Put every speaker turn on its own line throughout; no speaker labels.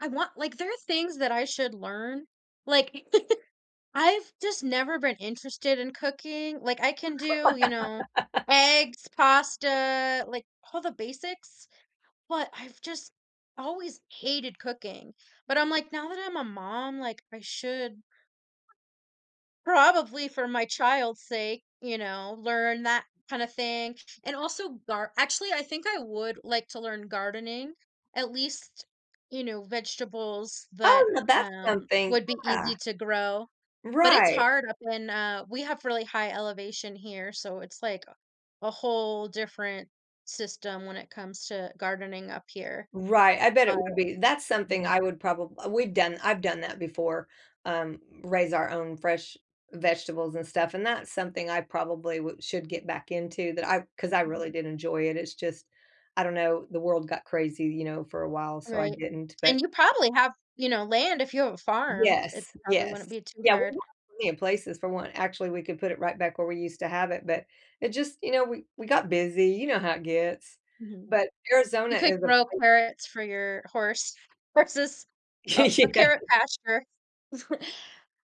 I want, like there are things that I should learn, like, I've, just, never been interested in cooking, like, I can do, you know, eggs, pasta, like, all the basics, but I've just always hated cooking, but I'm like, "Now that I'm a mom, like, I should, probably for my child's sake, you know, learn that kind of thing," and also, gar actually, I think I would like to learn gardening, at least, you know, vegetables that,
Oh, now, that's
um,
something.
would be easy
Yeah.
to grow, but it's
Right.
hard up in, uh we have really high elevation here, so, it's like a a whole different system when it comes to gardening up here,
Right, I bet
but
it would be. That's
hmm.
something I would probab we've done I've done that before, um, raise our own fresh vegetables and stuff, and that's something I probably wou should get back into that I 'cause I really did enjoy it. It's just, I don't know, the world got crazy, you know, for a while, so I
Right,
didn't, but
and you probably have, you know, land, if you have a farm. It
Yes,
probably
yes.
wouldn't be too
Yeah, we
hard.
want plenty of places for one actually, we could put it right back where we used to have it, but, it just, you know we we got busy, you know how it gets,
Mhm.
but
You
Arizona
could
is a
grow
pla
carrots for your horse horses. Oh, a
Yeah.
carrot pasture.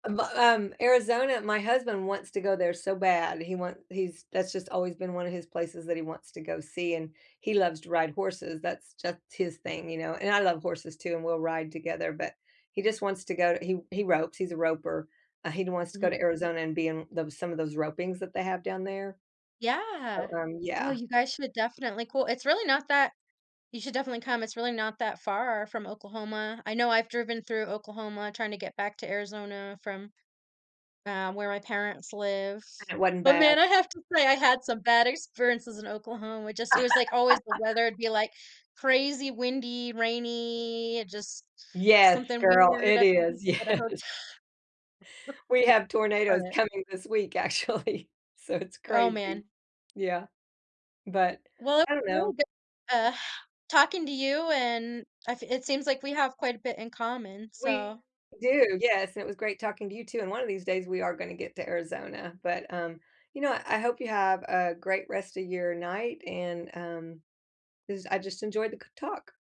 A but um, Arizona my husband wants to go there so bad. He want he's that's just always been one of his places that he wants to go see, and he loves to ride horses, that's just his thing, you know, and I love horses too, and we'll ride together, but he just wants to go he he ropes, he's a roper. Uh, he wants to go
Mhm.
to Arizona and be in tho some of those ropings that they have, down there.
Yeah.
So, um,
Well,
yeah.
you guys should definitely cool it's really not that you should definitely come, it's really not that far from Oklahoma. I know I've driven through Oklahoma trying to get back to Arizona from, um, where my parents live,
And it wasn't
but
bad.
man, I have to say I had some bad experiences in Oklahoma. It just it was, like, always the weather would be like crazy windy, rainy, just
Yes,
something
girl,
weird
it
at the ho
is,
at a
yes.
hote
We have tornadoes
but
coming this week, actually, so it's
Oh,
crazy.
man.
Yeah, but,
Well, it
I
was
don't know.
really good, uh, talking to you and I f it seems like we have quite a bit in common, so
We do, yes and it was great talking to you, too, and one of these days, we are gonna get to Arizona but, um, you know? I hope you have a great rest of your night, and, um 'cause I just enjoyed the c talk.